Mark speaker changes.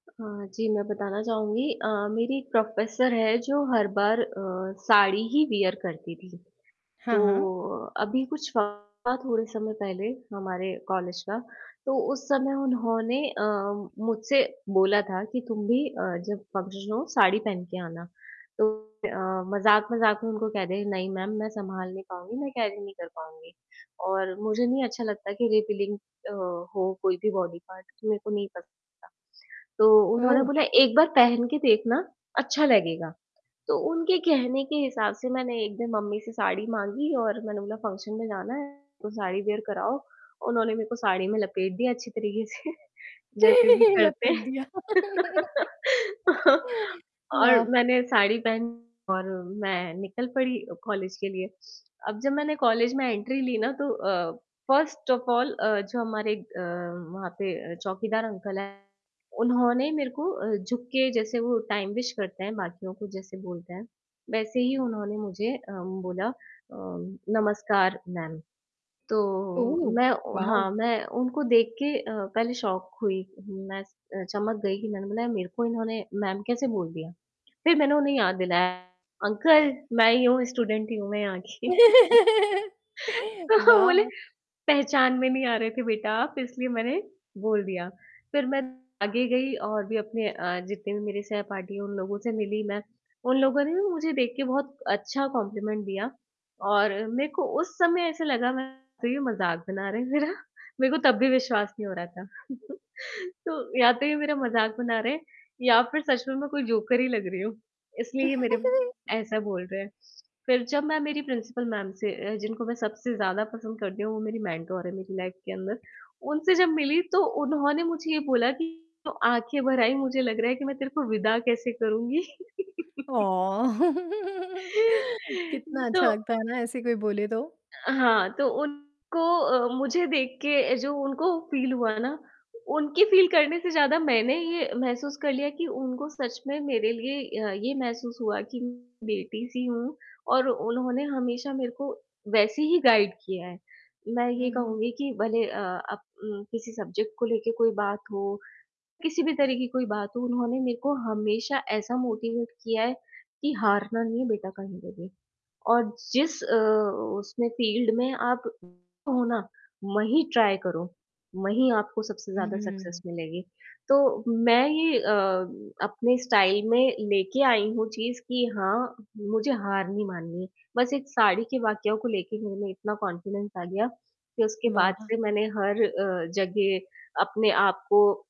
Speaker 1: हाँ जी, मैं बताना चाहूँगी अ, मेरी एक प्रोफ़ेसर है जो हर बार अ, साड़ी ही वियर करती थी।
Speaker 2: हाँ,
Speaker 1: तो
Speaker 2: हाँ।
Speaker 1: अ, अभी कुछ थोड़े समय पहले हमारे कॉलेज का, तो उस समय उन्होंने अ, मुझसे बोला था कि तुम भी अ, जब फंक्शन हो, साड़ी पहन के आना। तो अ, मज़ाक-मज़ाक में उनको कह दिया, नहीं मैम, मैं सँभाल नहीं पाऊँगी, मैं कैरी नहीं कर पाऊँगी। और मुझे नहीं अच्छा लगता कि रिवीलिंग अ, हो कोई भी बॉडी पार्ट, तो मेरे को नहीं पसंद आता। तो उन्होंने
Speaker 2: ओह!
Speaker 1: बोला, "एक बार पहन के देखना, अच्छा लगेगा," तो उनके कहने के हिसाब से मैंने एक दिन मम्मी से साड़ी माँगी और मैंने बोला फंक्शन में जाना है, तो साड़ी वियर कराओ। उन्होंने मेरे को साड़ी में लपेट दिया अच्छी तरीक़े से जैसे भी करते
Speaker 2: लपेट
Speaker 1: हैं,
Speaker 2: दिया।
Speaker 1: और
Speaker 2: वाह!
Speaker 1: मैंने साड़ी पहनी और मैं निकल पड़ी अ, कॉलेज के लिए। अब जब मैंने कॉलेज में एंट्री ली ना, तो अ, फर्स्ट ऑफ़ ऑल अ, जो हमारे अ, वहाँ पे अ, चौकीदार अंकल हैं, उन्होंने मेरे को अ, झुक के जैसे वो टाइम विश करते हैं बाकियों को जैसे बोलते हैं, वैसे ही उन्होंने मुझे अ, बोला अ, "नमस्कार मैम।" तो,
Speaker 2: ओह,
Speaker 1: मैं
Speaker 2: वाओ!
Speaker 1: हाँ, मैं उनको देख के अ, पहले शॉक हुई, मैं स अ, चमक गई, कि मैंने बोला यार, मेरे को इन्होंने मैम कैसे बोल दिया। फ़िर मैंने उन्हें याद दिलाया, "अंकल, मैं ही हूँ, स्टूडेंट ही हूँ मैं यहाँ की"
Speaker 2: ओह, वाओ!
Speaker 1: तो वो बोले,
Speaker 2: वाह!
Speaker 1: "पहचान में नहीं आ रहे थे बेटा आप, इसलिए मैंने बोल दिया।" फ़िर मैं आगे गई और भी अपने अ, जितने भी मेरे सहपाठी हैं उन लोगों से मिली मैं, उन लोगों ने भी मुझे देख के बहुत अच्छा कॉम्पलिमेंट दिया और मेरे को उस समय ऐसे लगा मैं तो ये मज़ाक बना रहे हैं मेरा, मेरे को तब भी विश्वास नहीं हो रहा था। तो या तो ये मेरा मज़ाक बना रहे हैं या फ़िर सच में मैं कोई जोकर ही लग रही हूँ, इसलिए ये मेरे ऐसा बोल रहे हैं। फ़िर जब मैं मेरी प्रिंसिपल मैम से अ, जिनको मैं सबसे ज़्यादा पसंद करती हूँ, वो मेरी मेंटर हैं मेरी लाइफ़ के अंदर, उनसे जब मिली तो उन्होंने मुझे ये बोला कि तो आँखें भर आई, मुझे लग रहा है कि मैं तेरे को विदा कैसे करूँगी?
Speaker 2: ऑ! कितना
Speaker 1: तो
Speaker 2: अच्छा लगता है ना, ऐसे कोई बोले तो।
Speaker 1: अ, हाँ तो उनको अ, मुझे देख के जो उनको फ़ील हुआ ना, उनकी फ़ील करने से ज़्यादा मैंने ये महसूस कर लिया कि उनको सच में मेरे लिए अ, ये महसूस हुआ, कि म बेटी-सी हूँ और उन्होंने हमेशा मेरे को वैसे ही गाइड किया है। मैं
Speaker 2: हुँ,
Speaker 1: ये
Speaker 2: हुँ।
Speaker 1: कहूँगी कि भले अ, अब उम, किसी सब्जेक्ट को लेके कोई बात हो, किसी भी तरह की कोई बात हो, उन्होंने मेरे को हमेशा ऐसा मोटिवेट किया है, कि हारना नहीं बेटा कहीं पे भी। और जिस अ, उसमें फ़ील्ड में आप हो ना, वहीं ट्राई करो, वहीं आपको सबसे
Speaker 2: हुँ,
Speaker 1: ज़्यादा
Speaker 2: हुँ।
Speaker 1: सक्सेस मिलेगी। तो मैं ये अ, अपने स्टाइल में लेके आई हूँ चीज़, कि हाँ, मुझे हार नहीं माननी, बस एक साड़ी के वाकया को लेके मेरे में इतना कॉन्फिडेंस आ गया, कि उसके बाद
Speaker 2: वाह!
Speaker 1: से मैंने हर अ, जगह अपने आप को